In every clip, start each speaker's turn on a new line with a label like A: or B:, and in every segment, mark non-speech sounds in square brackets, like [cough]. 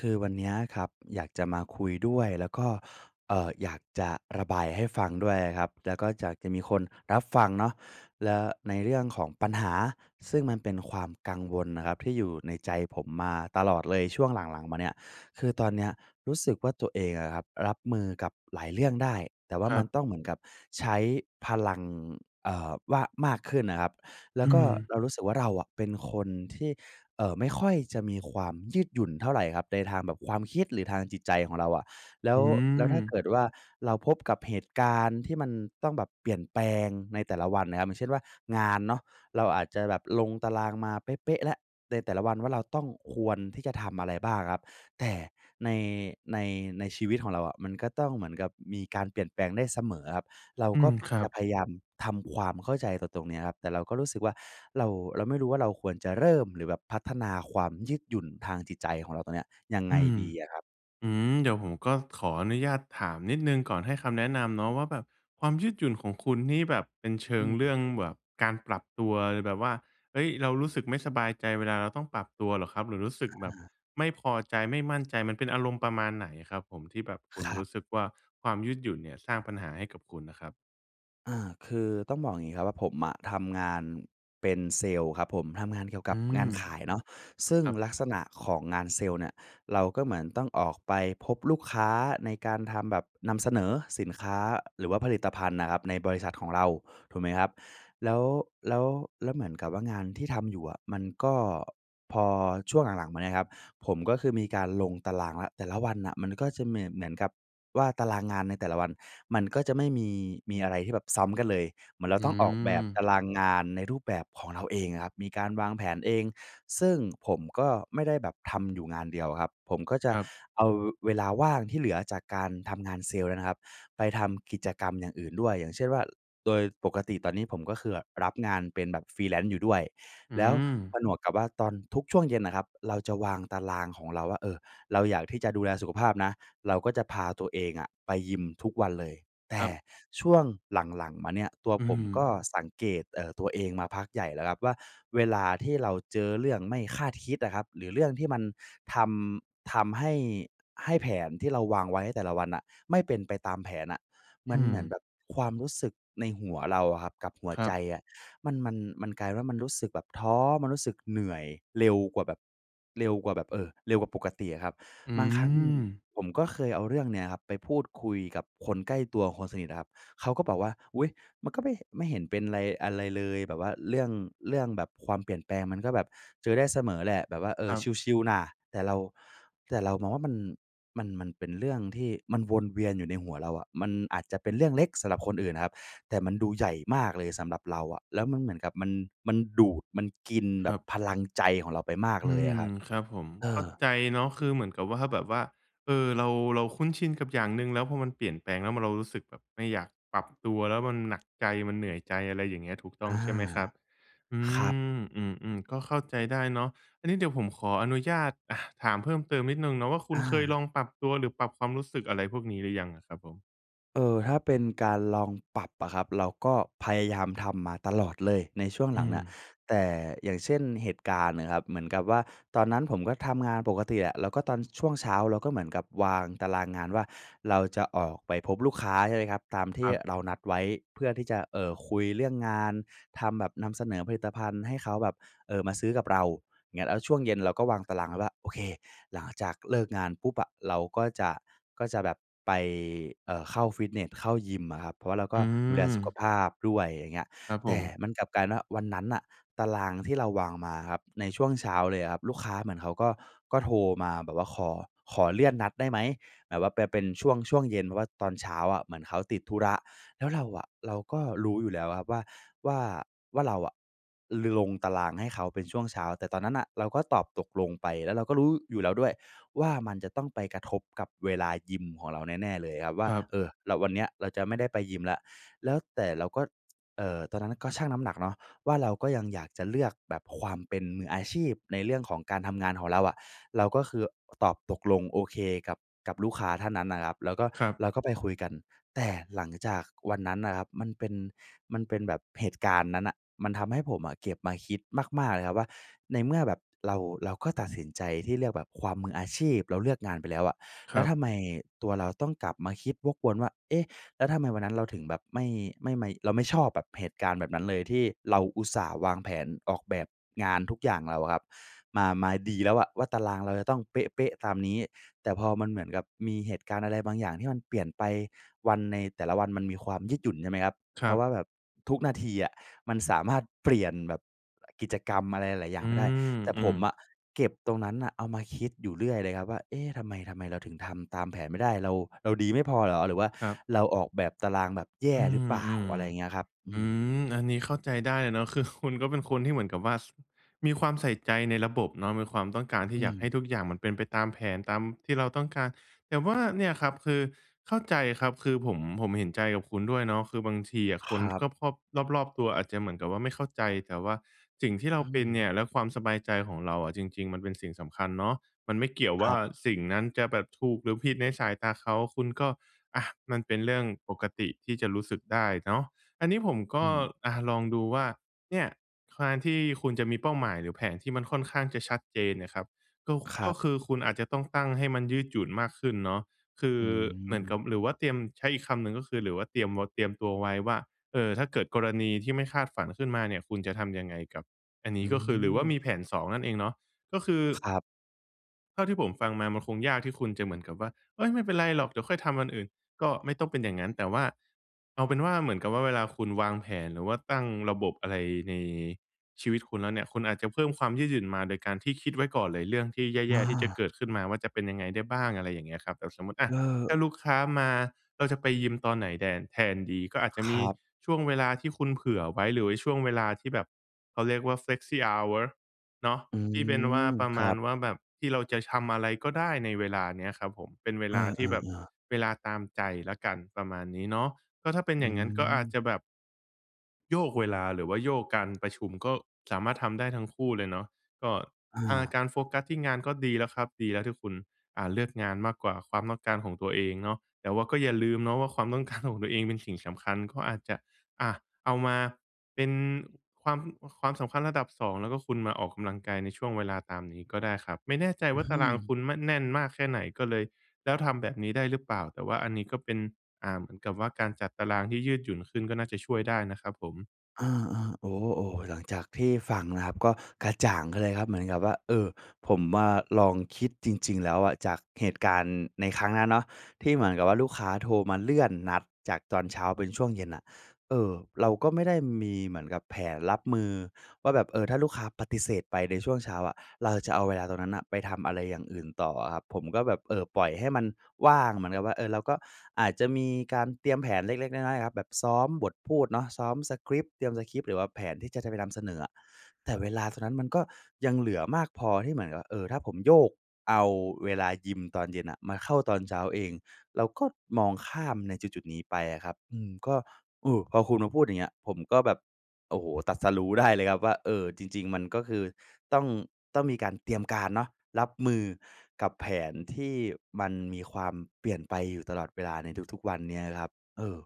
A: คือวันเนี้ยครับอยากจะมาคุยด้วย แล้วก็ เอ่อ อยากจะระบายให้ฟังด้วยอะครับ และก็จากจะมีคนรับฟังเนาะ และในเรื่องของปัญหาซึ่งมันเป็นความกังวลน่ะครับ ที่อยู่ในใจผมมาตลอดเลยช่วงหลัง ๆ มาเนี่ย คือตอนเนี้ยรู้สึกว่าตัวเองอะครับรับมือกับหลายเรื่องได้ แต่ว่
B: ค
A: า
B: ร
A: ม
B: ั
A: ั
B: บ
A: นต้องเหมือนกับใช้พลัง เอ่อ ว่า มากขึ้นน่ะครับ แล
B: อ
A: ้
B: ื
A: วก็
B: ม
A: เรารู้สึกว่าเราอะเป็นคนที่ เอ่อ ไม่ค่อยจะมีความยืดหยุ่นเท่าไรครับ ในทางแบบความคิดหรือทางจิตใจของเราอะ แล้
B: อื
A: ว แล้วถ้าเก
B: ม
A: ิดว่า เราพบกับเหตุการณ์ที่มันต้องแบบเปลี่ยนแปลงในแต่ละวันน่ะครับ อย่างเช่นว่า งานเนาะเราอาจจะแบบลงตารางมาเป๊ะ ๆ แล้วในแต่ละวันว่า เราต้อง ควรที่จะทำอะไรบ้างอะครับ แต่ใน ใน ในชีวิตของเราอะมันก็ต้องเหมือนกับมีการเปลี่ยนแปลงได้เสมอครับ เรา
B: อื
A: ก็
B: ม ครั
A: จ
B: บ
A: ะพยายามทำความเข้าใจกับตรงเนี้ยครับ แต่เราก็รู้สึกว่า เรา เราไม่รู้ว่าเราควรจะเริ่ม หรือแบบพัฒนาความยืดหยุ่นทางจิตใจของเราตรงเนี้ยยังไง
B: อืม
A: ดีอะครับ?
B: อืม เดี๋ยวผมก็ขออนุญาตถามนิดหนึ่ง ก่อนให้คำแนะนำเนาะว่า แบบความยืดหยุ่นของคุณนี่แบบเป็นเชิ
A: อื
B: งเรื่
A: ม
B: องแบบการปรับตัว แบบว่า เฮ้ย! เรารู้สึกไม่สบายใจเวลาเราต้องปรับตัวเหรอครับ? หรือรู้สึก
A: อ
B: แบบ
A: า
B: ไม่พอใจ ไม่มั่นใจ มันเป็นอารมณ์ประมาณไหนครับผม? ที่แบบคุ
A: ค
B: ณ
A: รั
B: ร
A: บ
B: ู้สึกว่า ความยืดหยุ่นเนี่ยสร้างปัญหาให้กับคุณน่ะครับ
A: อา คือต้องบอกอย่างงี้ครับว่าผมอะทำงานเป็นเซลส์ครับผม ทำงานเกี่ยว
B: อ
A: กั
B: ื
A: บง
B: ม
A: านขายเนาะ ซึ่
B: ค
A: ง
B: รับ
A: ลักษณะของงานเซลส์เนี่ย เราก็เหมือนต้องออกไปพบลูกค้าในการทำแบบนำเสนอสินค้า หรือว่าผลิตภัณฑ์น่ะครับในบริษัทของเรา ถูกไหมครับ? แล้ว แล้ว แล้วเหมือนกับว่างานที่ทำอยู่อะ มันก็ พอช่วงหลัง ๆ มาเนี่ยครับ ผมก็คือมีการลงตารางแล้ว แต่ละวันน่ะมันก็จะเหมียน เหมือนกับว่าตารางงานในแต่ละวันมันก็จะไม่มี มีอะไรที่แบบซ้ำกันเลย เหมือนเร
B: อ
A: า
B: ื
A: ต้องออกแบบต
B: ม
A: ารางงานในรูปแบบของเราเองอะครับ มีการวางแผนเอง ซึ่งผมก็ไม่ได้แบบทำอยู่งานเดียวอะครับ ผมก็จะ
B: ครับ
A: เอาเวลาว่างที่เหลือจากการทำงานเซลส์นั้นนะครับไปทำกิจกรรมอย่างอื่นด้วย อย่างเช่นว่า โดยปกติตอนนี้ผมก็คือแบบรับงานเป็นแบบ Freelance อยู่ด้วย
B: อื
A: แล้วผ
B: ม
A: นวกกับว่าตอนทุกช่วงเย็นน่ะครับ เราจะวางตารางของเราว่า เออ เราอยากที่จะดูแลสุขภาพนะ เราก็จะพาตัวเองอะไปยิมทุกวันเลย แต
B: ค
A: ่
B: รับ
A: ช่วงหลัง ๆ มาเนี่ยตัว
B: อื
A: ผมก
B: ม
A: ็สังเกต เอ่อ ตัวเองมาพักใหญ่แล้วครับว่า เวลาที่เราเจอเรื่องไม่คาดคิดอะครับ หรือเรื่องที่มันทำ ทำให้ ให้แผนที่เราวางไว้ในแต่ละวันอะ ไม่เป็นไปตามแผนอะ ม
B: อ
A: ัน
B: ื
A: เหมือนแบ
B: ม
A: บความรู้สึกในหัวเราอะครับกับหัว
B: คร
A: ใ
B: ั
A: จ
B: บ
A: อะ มัน มัน มันกลายเป็นว่ามันรู้สึกแบบท้อ มันรู้สึกเหนื่อยเร็วกว่าแบบ เร็วกว่าแบบ เออ เร็วกว่าปกติอะครับ
B: อื
A: บางครั้ง
B: ม
A: ผมก็เคยเอาเรื่องเนี้ยครับไปพูดคุยกับคนใกล้ตัว คนสนิทอะครับ เขาก็บอกว่า "อุ๊ย! มันก็ไม่เห็น ไม่เห็นเป็นไร อะไรเลยแบบว่าเรื่อง เรื่องแบบความเปลี่ยนแปลงมันก็แบบเจอได้เสมอแหละ แบบว่า เอ
B: ค
A: อ
B: รับ
A: ชิล ๆ น่ะ" แต่เรา แต่เรามองว่ามัน มัน มันเป็นเรื่องที่มันวนเวียนอยู่ในหัวเราอะ มันอาจจะเป็นเรื่องเล็กสำหรับคนอื่นอะครับ แต่มันดูใหญ่มากเลยสำหรับเราอะ แล้วมันเหมือนกับมัน มันดูด มันกินแ
B: ค
A: บ
B: รั
A: บ
B: บ
A: พลังใจของเราไปมาก
B: อื
A: เลยอ
B: ม
A: ะครับ
B: ครับผม
A: เอ
B: เข้า
A: อ
B: ใจเนาะ คือเหมือนกับ ว่า แบบว่า เออ เรา เราคุ้นชินกับอย่างหนึ่ง แล้วพอมันเปลี่ยนแปลง แล้วมัน เรารู้สึกแบบไม่อยากปรับตัว แล้วมันหนักใจ มันเหนื่อยใจ อะไรอย่างเงี้ย ถูกต้อ
A: อ
B: ง
A: า
B: ใช่ไหมครับ? อื
A: ครับ
B: ม อืม ๆ ก็เข้าใจได้เนาะ อันนี้เดี๋ยวผมขออนุญาต อะ ถามเพิ่มเติมนิดหนึ่งเนาะว่า คุ
A: อ
B: ณเคยล
A: า
B: องปรับตัวหรือปรับความรู้สึกอะไรพวกนี้หรือยังอะครับผม?
A: เอ่อ ถ้าเป็นการลองปรับอะครับ เราก็พยายามทำมาตลอดเลยในช่วงห
B: อ
A: ลั
B: ื
A: งน่ะ
B: ม
A: แต่ อย่างเช่น เหตุการณ์นะครับ เหมือนกับว่าตอนนั้นผมก็ทำงานปกติอะ แล้วก็ตอนช่วงเช้าเราก็เหมือนกับวางตารางงานว่า เราจะออกไปพบลูกค้าใช่ไหมครับ ตามท
B: ค
A: ี่
B: รับ
A: เรานัดไว้ เพื่อที่จะ เอ่อ คุยเรื่องงานทำแบบนำเสนอผลิตภัณฑ์ให้เขาแบบ เอ่อ มาซื้อกับเราเงี้ย แล้วช่วงเย็นเราก็วางตารางไว้ว่า โอเค หลังจากเลิกงานปุ๊บอะ เราก็จะ ก็จะแบบไป เอ่อ เข้าฟิตเนส เข้ายิมอะครับ เพราะเรา
B: อ
A: ก
B: ื
A: ็ดูแลสุข
B: ม
A: ภาพด้วย อย่างเงี้ย
B: ครับ
A: แ
B: ผ
A: ต่
B: ม
A: มันกลับกลายเป็นว่า วันนั้นน่ะ ตารางที่เราวางมาอะครับ ในช่วงเช้าเลยอะครับ ลูกค้าเหมือนเขาก็ ก็โทรมาแบบว่าขอ ขอเลื่อนนัดได้ไหม? แบบว่าไปเป็นช่วง ช่วงเย็น เพราะว่าตอนเช้าอะเหมือนเขาติดธุระ แล้วเราอะ เราก็รู้อยู่แล้วอะครับว่า ว่า ว่าเราอะลงตารางให้เขาเป็นช่วงเช้า แต่ตอนนั้นน่ะเราก็ตอบตกลงไป แล้วเราก็รู้อยู่แล้วด้วยว่า มันจะต้องไปกระทบกับเวลายิมของเราแน่ ๆ เลยครับว่
B: ค
A: า
B: รับ
A: เออ ร วันนี้เราจะไม่ได้ไปยิมแล้ว แล้ว แต่เราก็ เอ่อ ตอนนั้นน่ะก็ชั่งน้ำหนักเนาะว่า เราก็ยังอยากจะเลือกแบบความเป็นมืออาชีพในเรื่องของการทำงานของเราอะ เราก็คือตอบตกลง โอเคกับ กับลูกค้าท่านนั้นนะครับ แล้วก็
B: ครับ
A: เราก็ไปคุยกัน แต่หลังจากวันนั้นอะครับ มันเป็น มันเป็นแบบ เหตุการณ์นั้นน่ะมันทำให้ผมอะเก็บมาคิดมาก ๆ เลยครับว่า ในเมื่อแบบเรา เราก็ตัดสินใจที่เลือกแบบความมืออาชีพ เราเลือกงานไปแล้วอะ แ
B: ค
A: ล้
B: ร
A: ว
B: ับ
A: ทำไมตัวเราต้องกลับมาคิดวกวนว่า เอ๊ะ แล้วทำไมวันนั้นเราถึงแบบไม่ ไม่ไม เราไม่ชอบแบบเหตุการณ์แบบนั้นเลย ที่เราอุตส่าห์วางแผนออกแบบงานทุกอย่างเราอะครับมา มาดีแล้วอะว่า ตารางเราจะต้องเป๊ะ ๆ ตามนี้ แต่พอมันเหมือนกับมีเหตุการณ์อะไรบางอย่างที่มันเปลี่ยนไป วัน ในแต่ละวันมันมีความยืดหยุ่นใช่ไหมครับ
B: ค
A: เ
B: ร
A: พ
B: ั
A: ราะ
B: บ
A: ว่าแบบทุกนาทีอะมันสามารถเปลี่ยนแบบกิจกรรมอะไรหลาย ๆ อย่
B: อ
A: า
B: ื
A: งไปได้ แต่ผ
B: ม
A: ม
B: ๆ
A: อะเก็บตรงนั้นน่ะเอามาคิดอยู่เรื่อยเลยครับว่า "เอ๊ะ ทำไม ทำไมเราถึงทำตามแผนไม่ได้? เรา เราดีไม่พอเหรอ? หรือว่า
B: ครับ
A: เราออกแบบตารางแบบแย
B: อ
A: ่
B: ื
A: หรือเป
B: ม
A: ล่
B: ๆ
A: า?" อะไรอย่างเงี้ยครับ อื
B: อื
A: ม
B: ม อันนี้เข้าใจได้เลยเนาะ คือ คุณ ก็เป็นคนที่เหมือนกับว่า ส มีความใส่ใจในระบบเนาะ มีความต้องการที
A: อ
B: ่
A: ื
B: อยากให้
A: ม
B: ทุกอย่างมันเป็นไปตามแผนตามที่เราต้องการ แต่ว่าเนี่ยครับ คือเข้าใจครับ คือผม ผมเห็นใจกับคุณด้วยเนาะ คือบางทีอะค
A: ค
B: น
A: รับ
B: คอบ ๆ รอบ ๆ ตัวอาจจะเหมือนกับว่าไม่เข้าใจ แต่ว่าสิ่งที่เร
A: อ
B: า
A: ื
B: เป็นเนี
A: ม
B: ่ยและความสบายใจของเราอะ จริง ๆ มันเป็นสิ่งสำคัญเนาะ มันไม่เกี่ยว
A: ค
B: ว่
A: ร
B: า
A: ับ
B: สิ่งนั้นจะแบบถูกหรือผิดในสายตาเขา คุณก็ อา มันเป็นเรื่องปกติที่จะรู้สึกได้เนาะ อันนี้ผมก
A: อื
B: ็
A: ม
B: อา ลองดูว่า เนี่ย การ ที่คุณจะมีเป้าหมายหรือแผนที่มันค่อนข้างจะชัดเจนเนี่ยครับ ก็คุ
A: คร
B: ก
A: ั
B: ็
A: บ
B: คือคุณอาจจะต้องตั้งให้มันยืดหยุ่นมากขึ้นเนาะ คือ
A: อื
B: เหมือนก
A: ม
B: ับ หรือว่าเตรียม ใช้อีกคำหนึ่งก็คือ หรือว่าเตรียมวด เตรียมตัวไว้ว่า เออ ถ้าเกิดกรณีที่ไม่คาดฝันขึ้นมาเนี่ย คุณจะทำยังไงกับ อันน
A: อ
B: ี้
A: ื
B: ก็คือ หรือว่าม
A: ม
B: ีแผน 2 นั่นเองเนาะ ก็คือ
A: ครับ
B: เท่าที่ผมฟังมา มันคงยากที่คุณจะเหมือนกับว่า "เฮ้ย ไม่เป็นไรหรอก เดี๋ยวค่อยทำวันอื่น" ก็ไม่ต้องเป็นอย่างงั้น แต่ว่า เอาเป็นว่า เหมือนกับว่าเวลาคุณวางแผน หรือว่าตั้งระบบอะไรในชีวิตคุณแล้วเนี่ย คุณอาจจะเพิ่มความยืดหยุ่นมาโดยการที่คิดไว้ก่อนเลย เรื่องที่แ
A: อ
B: ย่ ๆ ที่จะ
A: า
B: เกิดขึ้นมาว่า จะเป็นยังไงได้บ้าง? อะไรอย่างเงี้ยครับ เออ สมมุติ อ
A: เ
B: ะ ถ้า
A: ออ
B: ลูกค้ามา เราจะไปยิมตอนไหนแดน แทนดี ก็อาจจะ
A: ค
B: ม
A: ร
B: ี
A: ับ
B: ช่วงเวลาที่คุณเผื่อไว้ หรือว่าช่วงเวลาที่แบบ เขาเรียกว่า flexi hour เนาะ
A: อื
B: ที่เป็นว่า
A: ม
B: ประ
A: ค
B: ม
A: รั
B: าณ
A: บ
B: ว่าแบบ ที่เราจะชำอะไรก็ได้ในเวลาเนี้ยครับผม เป็นเว
A: เอ
B: ลาที่แบบ
A: อ ๆ ๆ
B: เวลาตามใจแล้วกัน ประมาณนี้เนาะ ก็ถ้าเป็น
A: อื
B: อย่างงั้นก็อาจ
A: ม
B: จะแบบ โยกเวลา หรือว่าโยกการประชุม ก็สามารถทำได้ทั้งคู่เลยเนาะ ก็
A: อ
B: ทาง เอ่อ
A: า
B: การโฟกัสที่งานก็ดีแล้วครับ ดีแล้วที่คุณ อ่า เลือกงานมากกว่าความต้องการของตัวเองเนาะ แต่ว่าก็อย่าลืมเนาะว่า ความ ต้องการ ของตัวเองเป็นสิ่งสำคัญ ก็อาจจะ อะ เอามาเป็นความ ความสำคัญระดับ 2 แล้วก็คุณมาออกกำลังกายในช่วงเวลาตามนี้ก็ได้ครับ ไม่แน่ใจ
A: อ
B: ว
A: ื
B: ่าตารางค
A: ม
B: ุณ ม แน่นมากแค่ไหน ก็เลย แล้วทำแบบนี้ได้หรือเปล่า? แต่ว่าอันนี้ก็เป็น อ่า เหมือนกับว่าการจัดตารางที่ยืดหยุ่นขึ้น ก็น่าจะช่วยได้นะครับผม
A: อา ๆ โอ้ ๆ หลังจากที่ฟังนะครับ ก็กระจ่างขึ้นเลยครับ เหมือนกับว่า เออ ผมมาลองคิดจริง ๆ แล้วอะ จากเหตุการณ์ในครั้งนั้นเนาะ ที่เหมือนกับว่าลูกค้าโทรมาเลื่อนนัดจากตอนเช้าเป็นช่วงเย็นน่ะ เออ เราก็ไม่ได้มีเหมือนกับแผนรับมือว่าแบบ เออ ถ้าลูกค้าปฏิเสธไปในช่วงเช้าอะ เราจะเอาเวลาตรงนั้นน่ะ ไปทำอะไรอย่างอื่นต่ออะครับ ผมก็แบบ เออ ปล่อยให้มันว่าง เหมือนกับว่า เออ เราก็อาจจะมีการเตรียมแผนเล็ก ๆ น้อย ๆ อะครับ แบบซ้อมบทพูดเนาะ ซ้อมสกริปต์ เตรียมสกริปต์ หรือว่าแผนที่จะ จะไปนำเสนออะ แต่เวลาตรงนั้นมันก็ยังเหลือมากพอที่เหมือนกับว่า เออ ถ้าผมโยกเอาเวลายิมตอนเย็นน่ะ มาเข้าตอนเช้าเอง แล้วก็มองข้ามในจุด ๆ นี้ไปอะครับ อืม ก็ เออ พอคุณมาพูดอย่างเงี้ย ผมก็แบบ โอ้โฮ ตรัสรู้ได้เลยครับว่า เออ จริง ๆ มันก็คือต้อง ต้องมีการเตรียมการเนาะ รับมือกับแผนที่มันมีความเปลี่ยนไปอยู่ตลอดเวลาในทุก ๆ วันเนี้ยนะครับ เออ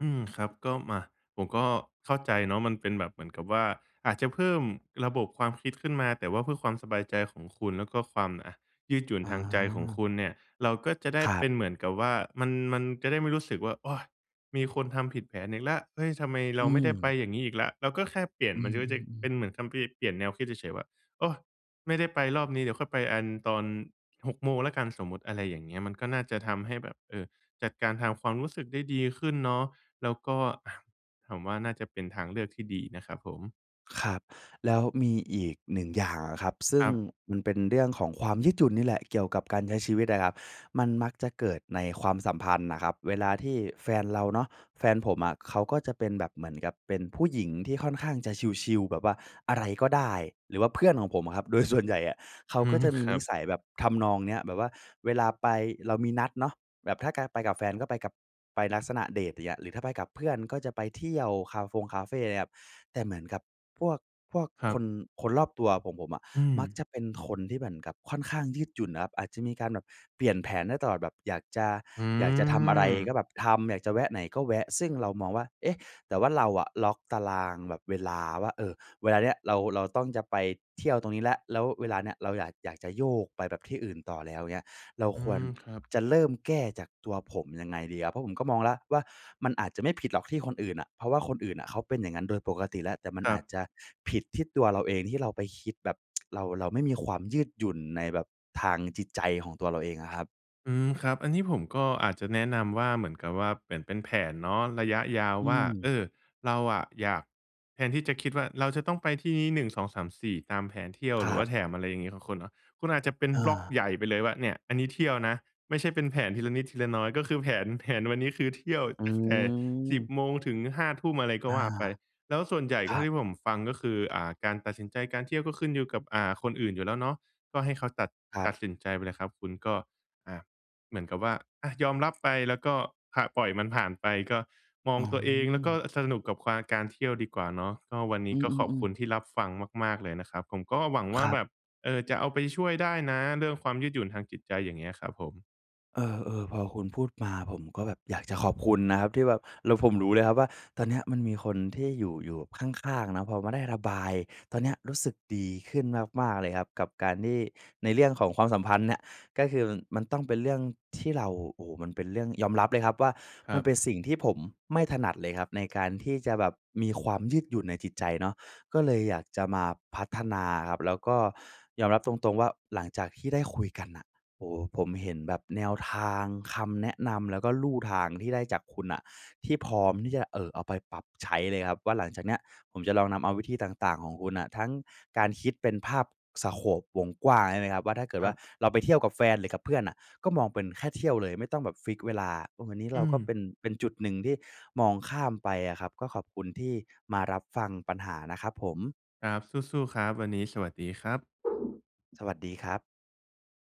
B: อืม ครับ ก็มา ผมก็เข้าใจเนาะ มันเป็นแบบเหมือนกับว่า อาจจะเพิ่มระบบความคิดขึ้นมา แต่ว่าเพื่อความสบายใจของคุณ แล้วก็ความ อะ ยืดหยุ่น
A: อ
B: ทางใจของ
A: า
B: คุณเนี่ย เราก็จะได้
A: ครั
B: เป็
A: บ
B: นเหมือนกับว่า มัน มันจะได้ไม่รู้สึกว่า "โอย! มีคนทำผิดแผนอีกแล้ว เฮ้ย ทำไมเ
A: อ
B: รา
A: ื
B: ไม่ได้ไป
A: ม
B: อย่างงี้อีกแล้ว" เราก็แค่เปลี่ยน
A: อื
B: มันจะ มันจะ
A: ม
B: เป
A: ๆ ๆ
B: ็นเหมือนคัมภีร์เปลี่ยนแนวคิดเฉย ๆ ว่า "โอย ไม่ได้ไปรอบนี้ เดี๋ยวค่อยไปอัน ตอน 6 โมงแล้วกัน" สมมติ อะไรอย่างเงี้ย มันก็น่าจะทำให้แบบ เออ จัดการทางความรู้สึกได้ดีขึ้นเนาะ แล้วก็ อะ ถามว่าน่าจะเป็นทางเลือกที่ดีอีกนะครับผม
A: ครับ แล้วมีอีก 1 อย่างอะครับ ซึ่
B: ค
A: ง
B: รับ
A: มันเป็นเรื่องของความยืดหยุ่นนี่แหละเกี่ยวกับการใช้ชีวิตอะครับ มันมักจะเกิดในความสัมพันธ์น่ะครับ เวลาที่แฟนเราเนาะ แฟนผมอะเขาก็จะเป็นแบบเหมือนกับเป็นผู้หญิงที่ค่อนข้างจะชิล ๆ แบบว่าอะไรก็ได้ หรือว่าเพื่อนของผมอะครับ โดยส่วนใหญ่อะเขา
B: อื
A: ก็
B: ม
A: จะมี
B: คร
A: น
B: ั
A: ิ
B: บ
A: สัยแบบทำนองเนี้ย แบบว่าเวลาไป เรามีนัดเนาะ แบบถ้ากา ไปกับแฟนก็ไปกับ ไปลักษณะเดตเงี้ย หรือถ้าไปกับเพื่อนก็จะไปเที่ยวคาฟงคาเฟ่ เงี้ยครับ แต่เหมือนกับพวก พวก
B: ครั
A: ค
B: บ
A: น คนรอบตัวของผมอะ
B: อื
A: มัก
B: ม
A: จะเป็นคนที่เหมือนกับค่อนข้างยืดหยุ่นอะครับ อาจจะมีการแบบเปลี่ยนแผนได้ตลอด แบบอยากจะ
B: อื
A: อยากจะทำอะไรก็แ
B: ม
A: บบทำ อยากจะแวะไหนก็แวะ ซึ่งเรามองว่า เอ๊ะ แต่ว่าเราอะล็อกตารางแบบเวลาว่า เออ เวลาเนี้ยเรา เราต้อง จะไปเที่ยวตรงนี้แล้ว แล้วเวลาเนี้ยเราอยาก อยากจะโยกไปแบบที่อื่นต่อแล้วเงี้ย เรา
B: อื
A: ควร
B: ม ครับ
A: จะเริ่มแก้จากตัวผมยังไงดีครับ? เพราะผมก็มองแล้วว่า มันอาจจะไม่ผิดหรอกที่คนอื่นอะ เพราะว่าคนอื่นอะเขาเป็นอย่างนั้นโดยปกติแล้ว แต่มัน
B: ครั
A: อาจ
B: บ
A: จะผิดที่ตัวเราเองที่เราไปคิดแบบ [tsk] เรา เราไม่มีความยืดหยุ่นในแบบทางจิตใจของตัวเราเองอะครับ
B: อืม ครับ อันนี้ผมก็อาจจะแนะนำว่า เหมือนกับว่า เหมือนเป็นแผนเนาะ ระยะยาว
A: อื
B: ว่า เอ
A: ม
B: อ เราอะอยาก แทนที่จะคิดว่า เราจะต้องไปที่นี้ 1 2 3 4 ตามแผนเที่ยว
A: ค
B: ห
A: ร
B: รือ
A: ั
B: ว่
A: บ
B: าแถมอะไรอย่างงี้ของคุณเนาะ คุณอาจจะเป็น
A: อ
B: บล็อก
A: า
B: ใหญ่ไปเลยว่า เนี่ย! อันนี้เที่ยวนะ ไม่ใช่เป็นแผนทีละนิดทีละน้อย ก็คือแผน แผนวันนี้คือ เที่ยว
A: อื
B: ตั้งแต่ 10
A: ม
B: โมง ถึง 5 ทุ่ม อะไรก็
A: อ
B: ว
A: า
B: ่าไป แล้วส่วนใหญ่
A: ค
B: ก็
A: ร
B: เท
A: ั
B: ่า
A: บ
B: ที่ผมฟังก็คือ อ่า การตัดสินใจการเที่ยวก็ขึ้นอยู่กับ อ่า คนอื่นอยู่แล้วเนาะ ก็ให้เขาตัด
A: ครั
B: ต
A: บ
B: ัดสินใจไปเลยครับ คุณก็ อ่า เหมือนกับว่า อา ยอม รับไป แล้วก็ผะ ปล่อยมันผ่านไป ก็มอ
A: อ
B: ง
A: ๋อ
B: ตัวเอง แล้วก็สนุกกับควา การเที่ยวดีกว่าเนาะ ก็วันนี
A: อื
B: ้ก็ขอบ
A: อ
B: คุ
A: ๆ ๆ
B: ณที่รับฟังมาก ๆ เลยนะครับ ผมก็หวังว
A: ค
B: ่า
A: รั
B: แ
A: บ
B: บบ เออ จะเอาไปช่วยได้นะ เรื่องความยืดหยุ่นทางจิตใจ อย่างเงี้ยครับผม
A: เออ ๆ พอคุณพูดมา ผมก็แบบอยากจะขอบคุณนะครับที่แบบ แล้วผมรู้เลยครับว่า ตอนเนี้ยมันมีคนที่อยู่ อยู่ข้าง ๆ เนาะ พอมาได้ระบาย ตอนเนี้ยรู้สึกดีขึ้นมาก ๆ เลยครับ กับการที่ ในเรื่องของความสัมพันธ์เนี่ย ก็คือ ม มันต้องเป็นเรื่องที่เรา โอ้โฮ มันเป็นเรื่อง ยอมรับเลยครับว่า
B: ค
A: ม
B: ร
A: ั
B: ั
A: นเป
B: บ
A: ็นสิ่งที่ผมไม่ถนัดเลยครับ ในการที่จะแบบมีความยืดหยุ่นในจิตใจเนาะ ก็เลยอยากจะมาพัฒนาอะครับ แล้วก็ยอมรับตรง ๆ ว่า หลังจากที่ได้คุยกันน่ะ โอ้โฮ ผมเห็นแบบแนวทาง คำแนะนำ แล้วก็ลู่ทางที่ได้จากคุณน่ะ ที่พร้อมที่จะ เอ่อ เอาไปปรับใช้เลยครับว่า หลังจากเนี้ยผมจะลองนำเอาวิธีต่าง ๆ ของคุณน่ะ ทั้งการคิดเป็นภาพ สโกป วงกว้างใช่ไหมครับ? ว่า ถ้าเกิด
B: ค
A: ว
B: ร
A: ่
B: ั
A: า
B: บ
A: เราไปเที่ยวกับแฟนหรือกับเพื่อนน่ะ ก็มองเป็นแค่เที่ยวเลยไม่ต้องแบบฟิกซ์เวลา เออ อันนี้
B: อ
A: เ
B: ื
A: ราก็เ
B: ม
A: ป็น เป็นจุดหนึ่งที่มองข้ามไปอะครับ ก็ขอบคุณที่มารับฟังปัญหานะครับผม
B: ครับ สู้ ๆ ครับ วันนี้สวัสดีครับ
A: สวัสดีครับ